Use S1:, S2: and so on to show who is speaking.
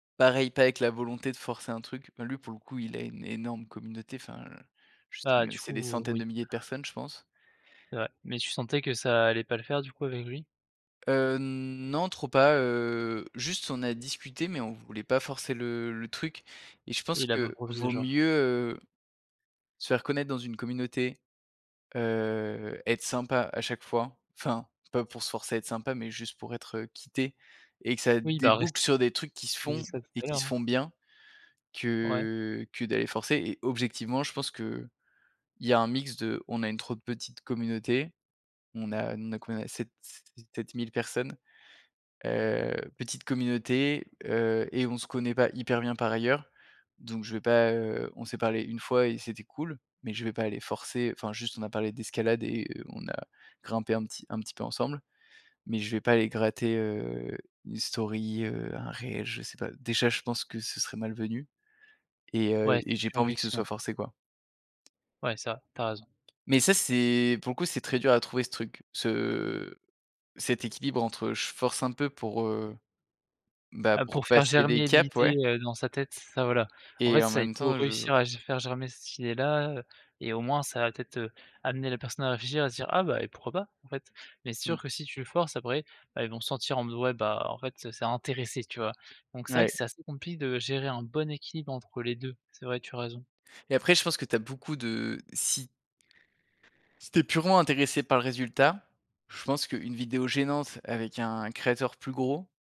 S1: Pareil, pas avec la volonté de forcer un truc, bah, lui, pour le coup, il a une énorme communauté enfin, je
S2: Bah,
S1: sais
S2: du
S1: c'est des
S2: coup,
S1: centaines de
S2: oui.
S1: milliers de personnes, je pense.
S2: C'est vrai, mais tu sentais que ça allait pas le faire du coup avec lui?
S1: Heu, non, trop pas, heu, juste, on a discuté mais on voulait pas forcer le le truc et je
S2: Et
S1: pense
S2: il a pas
S1: que
S2: proposé,
S1: vaut
S2: genre?
S1: mieux, heu, se faire connaître dans une communauté, heu, être sympa à chaque fois, enfin, pas pour se forcer à être sympa mais juste pour être quitté et que ça
S2: Oui bah, reste
S1: débouque sur des trucs qui se
S2: j'ai dit
S1: font
S2: ça tout
S1: et
S2: à
S1: qui
S2: l'heure,
S1: se
S2: hein.
S1: font bien
S2: Ouais.
S1: que que d'aller forcer et objectivement, je pense qu'il y a un mix de on a une trop petite communauté, on a on a quoi, sept se sept mille personnes, heu, petite communauté, heu et on se connaît pas hyper bien, par ailleurs. Donc je vais pas, heu, on s'est parlé 1 fois et c'était cool, mais je vais pas aller forcer, enfin, juste on a parlé d'escalade et on a grimpé un petit un petit peu ensemble, mais je vais pas aller gratter, heu, une story, heu, un réel, je sais pas, déjà, je pense que ce serait mal venu et heu,
S2: Ouais,
S1: et
S2: c'est
S1: j'ai
S2: sur
S1: pas envie que ce
S2: éjection.
S1: soit forcé, quoi
S2: Ouais, ça, tu as raison.
S1: mais ça, c'est, pour le coup, c'est très dur à trouver ce truc, ce cet équilibre entre, je force un peu pour, heu, bah,
S2: Ah
S1: pour
S2: pour faire
S1: passer des
S2: germer
S1: caps,
S2: l'idée,
S1: ouais
S2: heu, dans sa tête, ça voilà. En fait,
S1: et en
S2: c'est
S1: même
S2: pour
S1: temps je
S2: réussir à ge à faire germer cette idée-là, et au moins, ça va peut-être, heu, amener la personne à réfléchir à se dire: «Ah bah et pourquoi pas, en fait?» Mais c'est
S1: Mmh.
S2: sûr que si tu le forces après, bah, elles vont sentir en mode, ouais, bah, en fait, c'est intéressé, tu vois? Donc c'est vrai
S1: Ouais.
S2: que c'est assez compli de gérer un bon équilibre entre les 2. C'est vrai, tu as raison.
S1: Et après je pense que tu as beaucoup de si si tu es purement intéressé par le résultat, je pense qu'une vidéo gênante avec un créateur plus gros